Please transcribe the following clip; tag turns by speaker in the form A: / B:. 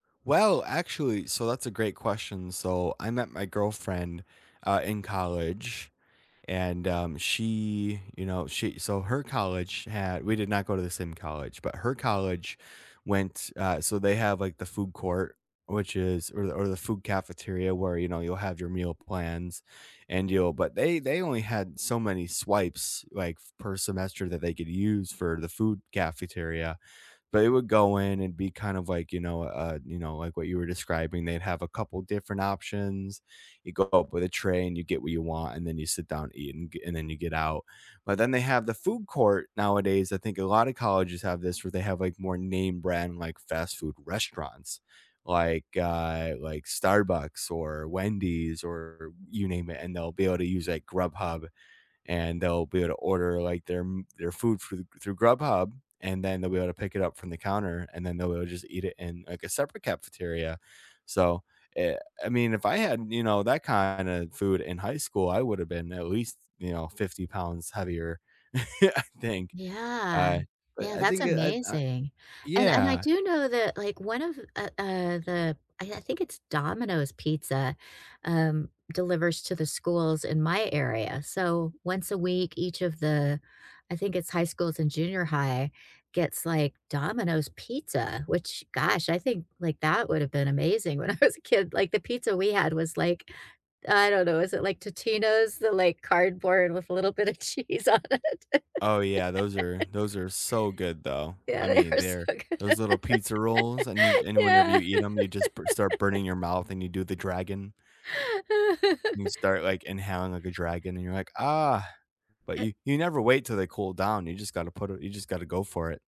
A: Well, actually, so that's a great question. So, I met my girlfriend, uh, in college and, um, she, you know, she so her college had we did not go to the same college, but her college went, uh, so they have like the food court, which is or the or the food cafeteria where, you know, you'll have your meal plans and you'll but they they only had so many swipes like per semester that they could use for the food cafeteria. But it would go in and be kind of like, you know, uh, you know, like what you were describing. They'd have a couple different options. You go up with a tray, and you get what you want, and then you sit down and eat, and g and then you get out. But then they have the food court nowadays, I think a lotta colleges have this where they have like more name brand, like, fast food restaurants, like, uh, like Starbucks or Wendy's or you name it, and they'll be able to use like Grubhub. And they'll be able to order like their m their food through through Grubhub, and then they'll be able to pick it up from the counter, and then they'll just eat it in, like, a separate cafeteria. So, eh, I mean, if I had, you know, that kinda food in high school, I would've been at least, you know, 50 pounds heavier, I think.
B: Yeah.
A: Uh, but
B: Yeah,
A: I
B: that's
A: think it eh, uh
B: amazing. And and I
A: Yeah.
B: do know that, like, one of uh, uh, the I I think it's Domino's pizza, um, delivers to the schools in my area. So once a week, each of the I think it's high schools and junior high, gets like Domino's pizza, which, gosh, I think like that would've been amazing when I was a kid. Like, the pizza we had was like I don't know, is it like Totino's, the, like, cardboard with a little bit of cheese on it.
A: Oh yeah, those are those are so good though.
B: Yeah,
A: I
B: they
A: mean,
B: were
A: they're
B: so good.
A: those little pizza rolls, and you c and whenever
B: Yeah.
A: you eat 'em, you just b start burning your mouth and you do the dragon you start, like, inhaling like a dragon, and you're like, "Ah," but
B: It
A: you you never wait till they cool down, you just gotta put it you just gotta go for it.